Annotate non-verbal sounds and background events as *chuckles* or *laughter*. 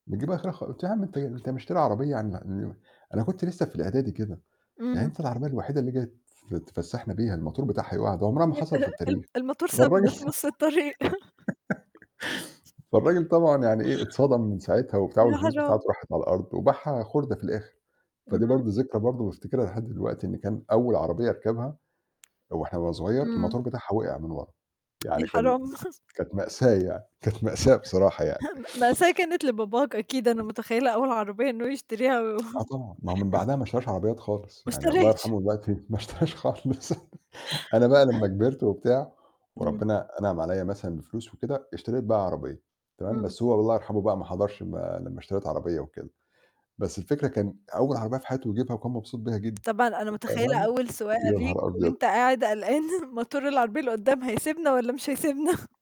نجيب آخرها خا قُلت له: "يا عم أنت أنت مشتري عربية" *unintelligible* أنا كنت لسه في الإعدادي كده. "يعني إمم. أنت العربية الوحيدة اللي جاي فت تفسحنا بيها الماتور بتاعها يُقع؟ ده عمرها ما حصلت في ال التاريخ." الماتور فالراجل سابنا في *laughs* نُص الطريق. *chuckles* فالراجل طبعًا يعني إيه، اتصدم من ساعتها وبتاع، يا والفلوس بتاعته حرام. راحت على الأرض، وباعها خُردة في الآخر. فدي برضه اهم. ذكرى برضه بافتكرها لحد دلوقتي، إن كان أول عربية أركبها وإحنا وأنا صغير إمم. الماتور بتاعها وِقِع من ورّا، يا يعني كان حرام. *chuckles* كانت مأساة يعني، كانت مأساة بصراحة يعني. *unintelligible* بس هي كانت لباباك أكيد، أنا متخيلة أول عربية إنه يشتريها و آه، *chuckles* طبعًا، ما هو من بعدها ما اشتراش عربيات خالص، ما يعني الله أشتراش. يرحمه دلوقتي ما اشتراش خالص. أنا بقى لمّا *unintelligible* كبِرت وبتاع، إمم. وربنا أنعم عليّا مثلًا بفلوس وكده، اشتريت بقى عربية، تمام، إمم. بس هو الله يرحمه بقى ما حضَرش ما لمّا اشتريت عربية وكده، بس الفكرة كان أول عربية في حياته يجيبها، وكان مبسوط بيها جدًا طبعًا أنا متخيلة *unintelligible* أول سواقة يا ليك، نهار وأنت أبيض! قاعد قلقان ماتور العربية اللي قدّام هيسِبنا والّا مش هيسِبنا؟